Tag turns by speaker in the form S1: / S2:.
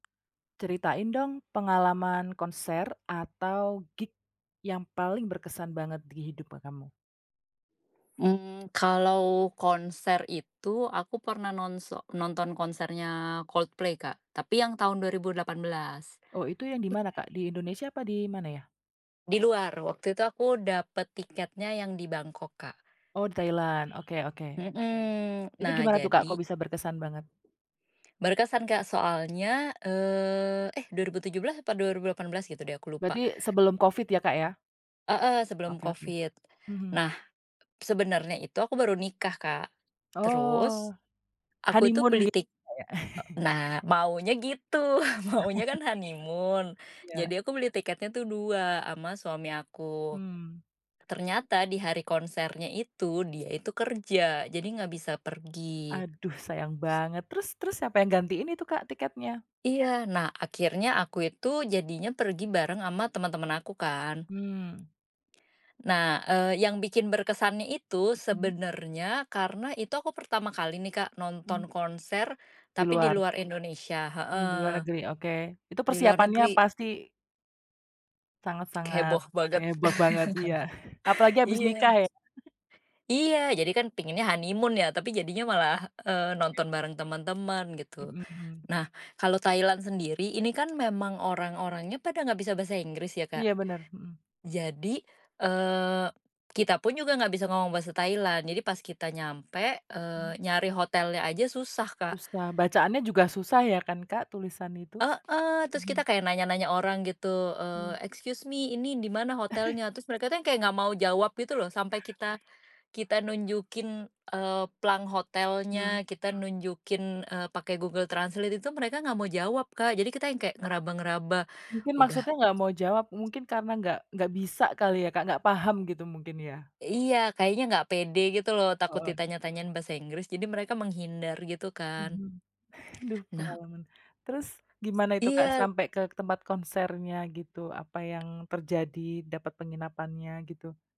S1: Ceritain dong, pengalaman konser atau gig yang paling berkesan banget di hidup, e kamu.
S2: Mmm, kalau konser itu, aku pernah nonso nonton konsernya Coldplay, Kak, tapi yang tahun 2018..
S1: Oh, itu yang di mana, Kak? Di Indonesia apa di mana ya?
S2: Di luar, waktu itu aku dapet tiketnya yang di Bangkok, Kak.
S1: Oh, di Thailand, oke oke.
S2: Mhm,
S1: Itu
S2: nah,
S1: gimana tuh, Kak, kok
S2: jadi
S1: bisa berkesan banget?
S2: Berkesan, Kak, soalnya, eee, eh, 2017 apa 2018 gitu deh, aku lupa.
S1: Berarti, sebelum COVID ya, Kak, ya?
S2: Heeh, sebelum
S1: Oke oke,
S2: COVID.
S1: mhm.
S2: Nah, sebenarnya itu aku baru nikah, Kak. Terus
S1: Oh,
S2: aku itu
S1: honeymoon
S2: beli
S1: git
S2: tik
S1: Kak, ya?
S2: eee, nah, maunya gitu, maunya kan honeymoon.
S1: Iya.
S2: Jadi aku beli tiketnya tuh dua sama suami aku.
S1: Mhm.
S2: Ternyata di hari konsernya itu, dia itu kerja, jadi ga bisa pergi.
S1: Aduh, sayang
S2: S
S1: banget, terus terus, siapa yang gantiin itu, Kak, tiketnya?
S2: Iya, nah, akhirnya aku itu jadinya pergi bareng sama temen-temen aku, kan.
S1: Mmm.
S2: Nah, eee, yang bikin berkesannya itu,
S1: Mhm.
S2: sebenernya, karena, itu aku pertama kali nih, Kak,
S1: Mhm.
S2: nonton konser
S1: Di
S2: tapi di
S1: luar.
S2: luar Indonesia,
S1: Mmm, di
S2: heeh.
S1: luar negeri, oke, itu
S2: Di luar
S1: persiapannya
S2: negeri.
S1: pasti sangat-sangat
S2: Heboh banget.
S1: heboh banget, iya, apalagi habis
S2: Iya.
S1: nikah ya.
S2: Iya, jadi kan pengennya honeymoon ya, tapi jadinya malah, eee,
S1: [unintelligible]
S2: nonton bareng temen-temen, gitu.
S1: Mhm.
S2: Nah, kalau Thailand sendiri, ini kan memang orang-orangnya pada nggak bisa bahasa Inggris ya, Kak.
S1: Iya, bener, mhm.
S2: Jadi, eee, kita pun juga nggak bisa ngomong bahasa Thailand. Jadi pas kita nyampe, eee,
S1: Mhm.
S2: nyari hotelnya aja susah, Kak.
S1: Susah, bacaannya juga susah ya kan, Kak, tulisan itu?
S2: Heeh, terus kita
S1: Mhm.
S2: kayak nanya-nanya orang gitu,
S1: Mmm.
S2: eee, "Excuse me, ini di mana hotelnya?" terus mereka tuh yang kayak nggak mau jawab gitu loh, sampai kita kita nunjukin, eee, plang
S1: Hmm.
S2: hotelnya, kita nunjukin, eee pakai Google Translate itu, mereka nggak mau jawab, Kak. Jadi kita yang kayak ngeraba-ngeraba,
S1: Mungkin
S2: udah
S1: maksudnya nggak mau jawab, mungkin karena nggak nggak bisa kali ya, Kak, nggak paham gitu, mungkin, ya.
S2: Iya, kayaknya nggak pede gitu loh, takut
S1: Heeh.
S2: ditanya-tanyain bahasa Inggris. Jadi mereka menghindar gitu, kan.
S1: Mhm. Duh,
S2: Nah
S1: pengalaman. Terus gimana itu, Kak,
S2: iya.
S1: sampai ke tempat konsernya, gitu, apa yang terjadi? Dapat penginapannya, gitu?